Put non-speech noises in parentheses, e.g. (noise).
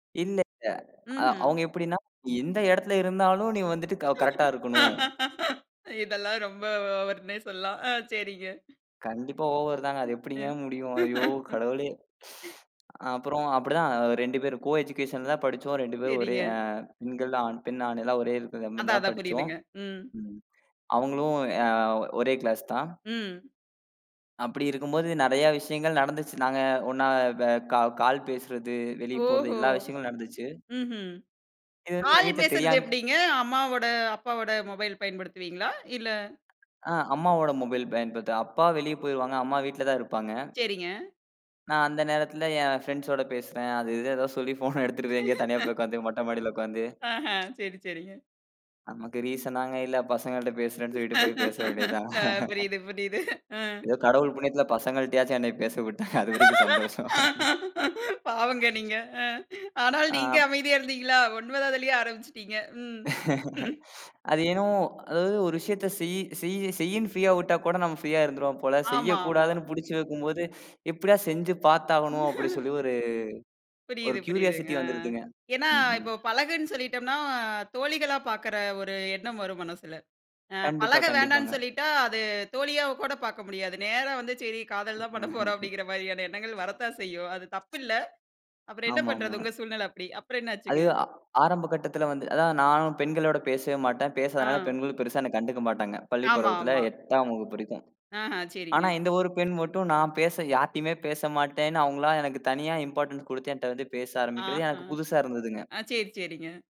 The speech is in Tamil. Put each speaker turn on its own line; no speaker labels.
இல்லல்ல அ
ம்ஹ்ம்.
அவுங்க எப்படின்னா? எந்த எடத்துல இருந்தாலும்? நீ வந்துட்டு க கரெக்ட்டா இருக்கணும்.
(laughs) இதெல்லாம் ரொம்ப ஓவர்னே சொல்லலாம். ஆ சரிங்க.
கண்டிப்பா ஓவர் தாங்க. அது
அ.
எப்படிங்க முடியும்? ஐயோ கடவுளே! அ, அப்பறம் அப்படித்தான். 2 பேரும் கோ எஜுகேஷன் தான் படிச்சோம். 2 பேரும் ஒரே
சரிங்க.
ஆ பெண்கள், ஆண் பெண், ஆண் எல்லாம் ஒரே
அதான்
இருக்குறமாரி
அதான்
படிச்சோம்.
புரியுதுங்க. ம்.
ம் அவுங்களும் எ ஆ, ஒரே கிளாஸ் தான்.
ம்.
அப்படி இருக்கும்போது, நெறையா விஷயங்கள் நடந்துச்சு. நாங்க ஒண்ணா, வ கால் பேசுறது, வெளிய போறது,
ஓஹோ.
எல்லா விஷயங்களும் நடந்துச்சு.
ம்ஹ்ம்.
இது வந்து எங்க வீட்ல
(unintelligible) பேசுறது
தெரியாமே
எப்படிங்க? அம்மாவோட, அப்பாவோட மொபைல் பயன்படுத்துவீங்களா? இல்ல!
அ, அம்மாவோட மொபைல் பயன்படுத்துவேன். அப்பா வெளிய போயிருவாங்க. அம்மா வீட்டுலதான் இருப்பாங்க.
சரிங்க.
நான் அந்த நேரத்துல, என் ஃபிரண்ட்ஸ்ஸோட பேசுறன். அது இது எதாது சொல்லி ஃபோன் எடுத்துட்டுபோய் எங்கேயாது தனியா போய்
(laughs)
உக்காந்து மொட்ட மாடியில உக்காந்து.
ஆஹா.
(tsk)
சரி சரிங்க.
நமக்கு ரீஸனாங்க இல்ல! பசங்கள்ட பேசுறேன்னு சொல்லிட்டு போய் பேச வேண்டியதுதான்.
அ, புரியுது புரியுது. அ.
(laughs) ஏதோ கடவுள் புண்ணியத்துல, பசங்ககிட்டயாச்சும் என்னய பேச விட்டாங்க. அதுவரைக்கும் சந்தோஷம்.
பாவங்க நீங்க. அ, ஆனாலும்
ஆ.
நீங்க அமைதியா இருந்தீங்களா? 9ஆவதுலயே ஆரம்பிச்சுட்டீங்க. ம் ம்.
(laughs) அது ஏனோ அதாவது ஒரு விஷயத்த செய்யு செய்யு செய்யுன்னு ஃப்ரீயா விட்டா கூட நம்ம ஃப்ரீயா இருந்திருவோம் போல.
ம்
செய்ய
ஆமா ஆமா.
கூடாதுன்னு புடிச்சு வைக்கும்போது, "எப்டியா செஞ்சு பாத்தாவணும்?" அப்படி சொல்லி
(laughs)
ஒரு ஒரு
புரியுது புரியுதுங்க,
க்யூரியாசிட்டி
ஆ.
வந்துருதுங்க.
ஏன்னா,
ம்ஹும்.
இப்ப பழகுன்னு சொல்லிட்டம்ன்னா தோழிகளா பாக்குற ஒரு எண்ணம் வரும் மனசுல. அ.
கண்டிப்பா
பழக
கண்டிப்பாங்க.
வேண்டான்னு சொல்லிட்டா, அது தோழியா கூட பாக்க முடியாது. நேரா வந்து, "சரி காதல் தான் பண்ணப்போறோம்"
(laughs)
அப்படிங்கிற மாரியான எண்ணங்கள் வரத்தான் செய்யும். அது தப்பில்ல! அப்புறம் என்னா
ஆமாமா.
பண்றது? உங்க சூழ்நிலை அப்படி. அப்புறம்
அது,
என்னாச்சுங்க?
ஆ ஆரம்ப கட்டத்துல வந்து அதான் நானும் பெண்களோட பேசவே மாட்டேன். பேசாதனால,
அ.
பெண்களும் பெருசா என்ன கண்டுக்க மாட்டாங்க. பள்ளிப்
ஆமா
பருவத்துல,
ஆமா.
8ஆம் வகுப்பு வரைக்கும்.
ஆஹா,
ஆனா
சரிங்க.
இந்த ஒரு பெண் மட்டும் நான் பேச யார்டயுமே பேச மாட்டேன்னு அவுங்களா எனக்குத் தனியா இம்பார்டண்ஸ் குடுத்து என்ட்ட வந்து பேச ஆரம்பிக்கிறது,
ஆஹா.
எனக்கு புதுசா இருந்ததுங்க.
அ, சேரி சேரிங்க.